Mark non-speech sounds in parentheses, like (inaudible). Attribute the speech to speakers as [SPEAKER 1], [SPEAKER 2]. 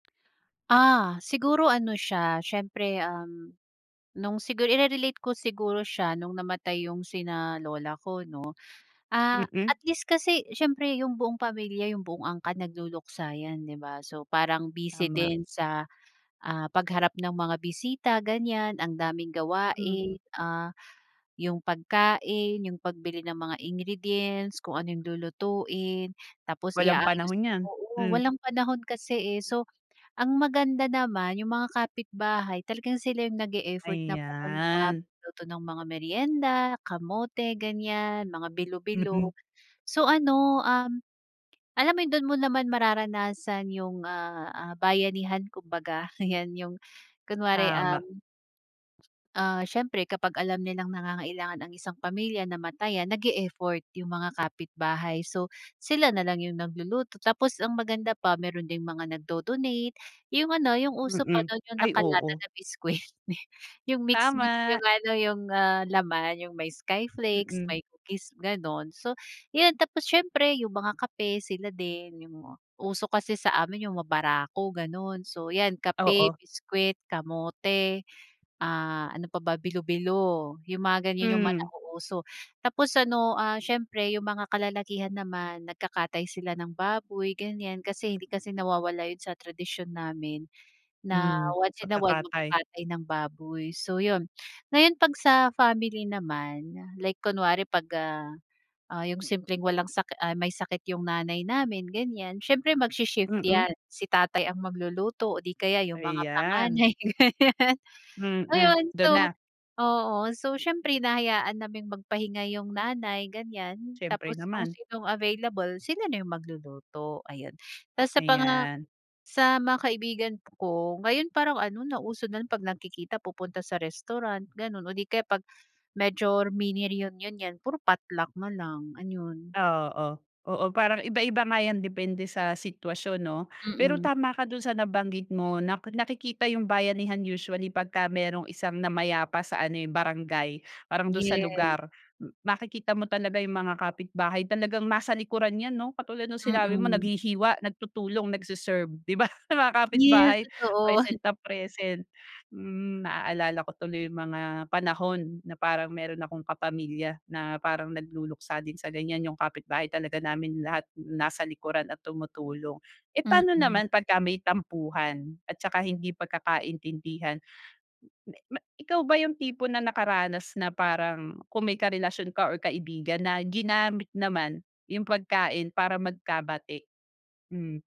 [SPEAKER 1] Ah, siguro ano siya, siyempre, um, nung siguro ire-relate ko siguro siya nung namatay yung sina lola ko, 'no? Ah,
[SPEAKER 2] Mm.
[SPEAKER 1] at least kasi siyempre yung buong pamilya yung buong angkan nagluluksa yan, 'di ba? So, parang busy
[SPEAKER 2] Tama.
[SPEAKER 1] din sa, ah, pagharap ng mga bisita, ganiyan, ang daming
[SPEAKER 2] Mm.
[SPEAKER 1] gawain, ah, yung pagkain, yung pagbili ng mga ingredients, kung ano yung lulutuin, tapos
[SPEAKER 2] Walang
[SPEAKER 1] i-aayos,
[SPEAKER 2] panahon 'yan,
[SPEAKER 1] oo,
[SPEAKER 2] hmm.
[SPEAKER 1] walang panahon kasi eh. So, ang maganda naman yung mga kapitbahay talagang sila yung nag e-effort na pumunta,
[SPEAKER 2] Ayan.
[SPEAKER 1] magluto ng mga meryenda, kamote, ganiyan, mga
[SPEAKER 2] Mm.
[SPEAKER 1] bilo-bilo. So, ano, um, alam mo, dun mo naman mararanasan yung, ah, ah, bayanihan kumbaga, 'yan yung kunwari,
[SPEAKER 2] Tama.
[SPEAKER 1] um ah, siyempre kapag alam nilang nangangailangan ang isang pamilya, namatayan, nag-e-effort yung mga kapitbahay. So, sila nalang yung nagluluto, tapos ang maganda pa meron ding mga nagdo-donate, yung ano, yung uso pa
[SPEAKER 2] Mm.
[SPEAKER 1] dun yung
[SPEAKER 2] Ay,
[SPEAKER 1] nakalata
[SPEAKER 2] oo.
[SPEAKER 1] na biscuit, yung mix-mix,
[SPEAKER 2] Tama.
[SPEAKER 1] yung ano, yung, ah, laman, yung may skyflakes,
[SPEAKER 2] Mm.
[SPEAKER 1] may cookies, ganun. So, yun. Tapos siyempre yung mga kape, sila din, yung uso kasi sa amin yung mabarako, ganun. So, yan, kape,
[SPEAKER 2] Oo.
[SPEAKER 1] biscuit, kamote, ah, ano pa ba, bilo-bilo yung mga ganiyan, yung mga
[SPEAKER 2] Hmm.
[SPEAKER 1] nauuso. Tapos ano, ah, siyempre yung mga kalalakihan naman nagkakatay sila ng baboy, ganiyan. Kasi hindi kasi nawawala yun sa tradisyon namin na
[SPEAKER 2] Hmm,
[SPEAKER 1] once in a while
[SPEAKER 2] pagkakatay.
[SPEAKER 1] magkakatay ng baboy. So, yun. Ngayon 'pag sa family naman like kunwari 'pag, ah, ah, yung simpleng walang sakit ay, may sakit yung nanay namin, ganiyan, siyempre magshi-shift
[SPEAKER 2] Mm.
[SPEAKER 1] yan, si tatay ang magluluto o di kaya yung mga
[SPEAKER 2] Ayan.
[SPEAKER 1] panganay. (laughs)
[SPEAKER 2] Mm,
[SPEAKER 1] Ayun. So
[SPEAKER 2] dun na.
[SPEAKER 1] oo. So, siyempre hinahayaan naming magpahinga yung nanay, ganiyan.
[SPEAKER 2] Siyempre
[SPEAKER 1] Tapos kung
[SPEAKER 2] naman.
[SPEAKER 1] sinong available, sila na yung magluluto, ayun. Tapos sa panga
[SPEAKER 2] Ayan.
[SPEAKER 1] sa mga kaibigan ko, ngayon parang ano, nauso na 'pag nagkikita pupunta sa restaurant, ganun o di kaya 'pag major mini reunion, yan, puro potluck nalang, ayun.
[SPEAKER 2] Oo. Oo, parang iba-iba nga yan depende sa sitwasyon, 'no? Pero
[SPEAKER 1] Mm.
[SPEAKER 2] tama ka dun sa nabanggit mo na nakikita yung bayanihan usually pagka merong isang namayapa sa ano eh, barangay, parang dun sa
[SPEAKER 1] Yes.
[SPEAKER 2] lugar, makikita mo talaga yung mga kapitbahay, talagang nasa likuran yan, 'no? Katulad nung sinabi mo,
[SPEAKER 1] Mm.
[SPEAKER 2] naghihiwa, nagtutulong, nagse-serve, 'di ba? Mga
[SPEAKER 1] Yes,
[SPEAKER 2] kapitbahay
[SPEAKER 1] totoo.
[SPEAKER 2] present na present, mm, naalala ko tuloy yung mga panahon na parang meron akong kapamilya na parang nagluluksa din sa ganiyan, yung kapitbahay talaga namin lahat nasa likuran at tumutulong. Eh paano
[SPEAKER 1] Mm.
[SPEAKER 2] naman pagka may tampuhan at tsaka hindi pagkakaintindihan, ikaw ba yung tipo na nakaranas na parang kung may karelasyon ka or kaibigan na ginamit naman yung pagkain para magkabati? Hmm.